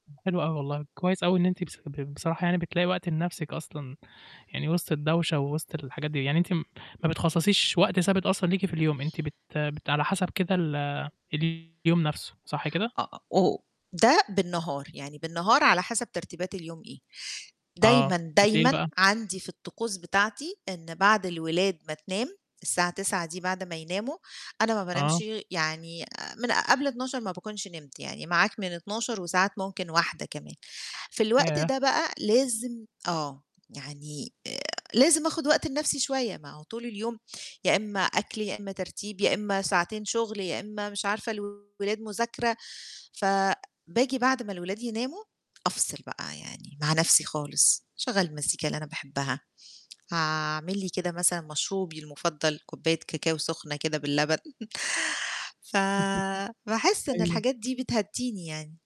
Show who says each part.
Speaker 1: حلو أوي والله. كويّس أوي إن أنتِ بص ب بصراحة يعني بتلاقي وقت لنَفْسِك أصلًا، يعني وِسط الدوشة، ووِسط الحاجات دي. يعني أنتِ م ما بتخصّصيش وقت ثابت أصلًا ليكِ في اليوم، إن أنتِ بت بت على حَسَب كده ال اليوم نَفْسه، صح كده؟
Speaker 2: أ أ أو ده بالنهار، يعني بالنهار على حَسَب ترتيبات اليوم إيه.
Speaker 1: آه،
Speaker 2: دايمًا،
Speaker 1: بالليل
Speaker 2: دايمًا
Speaker 1: بقى؟
Speaker 2: عندي في الطقوس بتاعتي إن بعد الولاد ما تنام الساعة 21:00 دي بعد ما يناموا، أنا ما
Speaker 1: آه.
Speaker 2: بانامش يعني آآ من قبل 00:00 ما باكونش نِمت، يعني معاك من 00:00، وساعات ممكن 01:00 كمان. في الوقت
Speaker 1: ياه!
Speaker 2: ده بقى لازم آه، يعني آآ لازم آخُد وقت لنَفْسي شوية، ما هو طول اليوم يا إمّا أكل، يا إمّا ترتيب، يا إمّا ساعتين شُغل، يا إمّا مش عارفة الولاد مذاكرة، فباجي بعد ما الولاد يناموا أفصِل بقى، يعني مع نَفْسي خالص، أشغّل المزيكا اللي أنا باحبها، هاعمل لي كده مثلًا مشروبي المفضّل، كُباية كاكاو سخنة كده باللبن.
Speaker 1: [unintelligible]
Speaker 2: فباحس إن
Speaker 1: أيوه.
Speaker 2: الحاجات دي بتهدّيني يعني.